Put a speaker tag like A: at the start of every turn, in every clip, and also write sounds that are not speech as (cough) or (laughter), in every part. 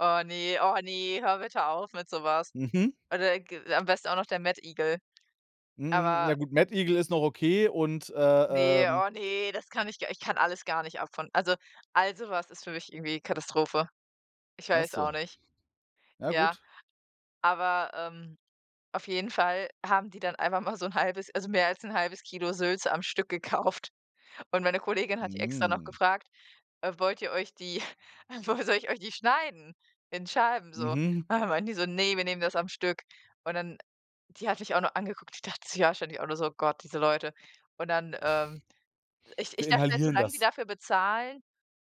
A: Oh, ne, oh, ne, hör bitte auf mit sowas.
B: Mhm.
A: Oder g am besten auch noch der Mettigel.
B: Hm,
A: Aber
B: ja gut, Mettigel ist noch okay und, äh,
A: Ne,
B: ähm
A: oh, ne, das kann ich gar ich kann alles gar nicht ab von also, all sowas ist für mich irgendwie Katastrophe, ich
B: Ach
A: weiß auch
B: so.
A: nicht,
B: Ja
A: ja.
B: gut.
A: Aber, ähm, auf jeden Fall haben die dann einfach mal so 'n halbes also, mehr als 'n halbes Kilo Sülze am Stück gekauft und meine Kollegin hat die extra noch
B: Mm.
A: gefragt, äh: „Wollt ihr euch die äh, woll soll ich euch die schneiden in Scheiben so?“ Und
B: Mhm.
A: dann meinten die so: „Ne, wir nehmen das am Stück.“ Und dann die hat mich auch noch angeguckt. Die dachte sich auch wahrscheinlich so: „Oh Gott, diese Leute.” Und dann, ähm ich ich
B: Wir
A: dachte halt:
B: inhalieren
A: „Solange die
B: das.
A: dafür bezahlen,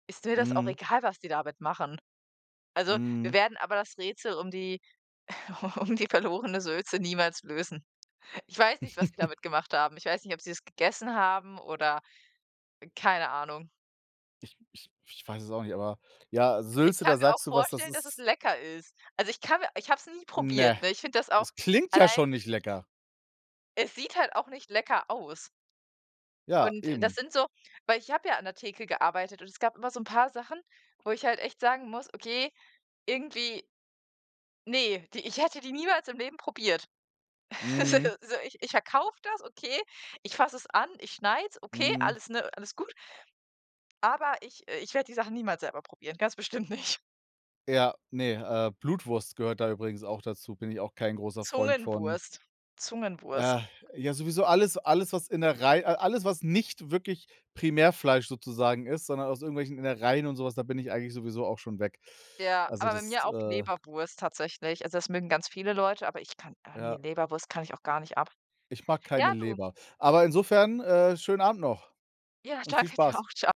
A: ist mir das auch
B: Mhm.
A: egal, was die damit machen.“ Also, wir
B: Mhm.
A: werden aber das Rätsel um die u um die verlorene Sülze niemals lösen. Ich weiß nicht, was sie
B: (chuckles)
A: damit gemacht haben. Ich weiß nicht, ob sie es gegessen haben oder keine Ahnung.
B: Ich ich ich weiß es auch nicht, aber, ja,
A: Ich
B: Sülze,
A: kann
B: da
A: mir auch
B: sagst du was. Das
A: vorstellen, dass es
B: ist
A: lecker ist. Also, ich kann mir ich habe es nie probiert,
B: Ne.
A: ne? Ich finde das auch
B: Das klingt ja
A: allein
B: schon nicht lecker.
A: Es sieht halt auch nicht lecker aus.
B: Ja,
A: Und das
B: eben.
A: sind so weil ich habe ja an der Theke gearbeitet und es gab immer so 'n paar Sachen, wo ich halt echt sagen muss: „Okay, irgendwie“ Ne, die ich hätte die niemals im Leben probiert. (laughs) Also
B: Mhm.
A: also, ich ich verkaufe das, okay, ich fasse es an, ich schneide es, okay,
B: Mhm.
A: alles ne, alles gut aber ich, äh ich werde die Sachen niemals selber probieren, ganz bestimmt nicht.
B: Ja, ne, äh, Blutwurst gehört da übrigens auch dazu, bin ich auch kein großer Freund von.
A: Zungenwurst,
B: Ah,
A: Zungenwurst.
B: ja, sowieso alles alles, was Innerei a alles, was nicht wirklich Primärfleisch sozusagen ist, sondern aus irgendwelchen Innereien und so was, da bin ich eigentlich sowieso auch schon weg.
A: Ja,
B: Also,
A: aber bei
B: das,
A: mir auch
B: äh
A: Leberwurst tatsächlich. Also, das mögen ganz viele Leute, aber ich kann ah, ne,
B: Ja.
A: Leberwurst kann ich auch gar nicht ab.
B: Ich mag keine
A: Ja, du
B: Leber. Aber insofern, äh, schönen Abend noch
A: Ja,
B: und viel
A: danke dir
B: Spaß.
A: auch. Tscha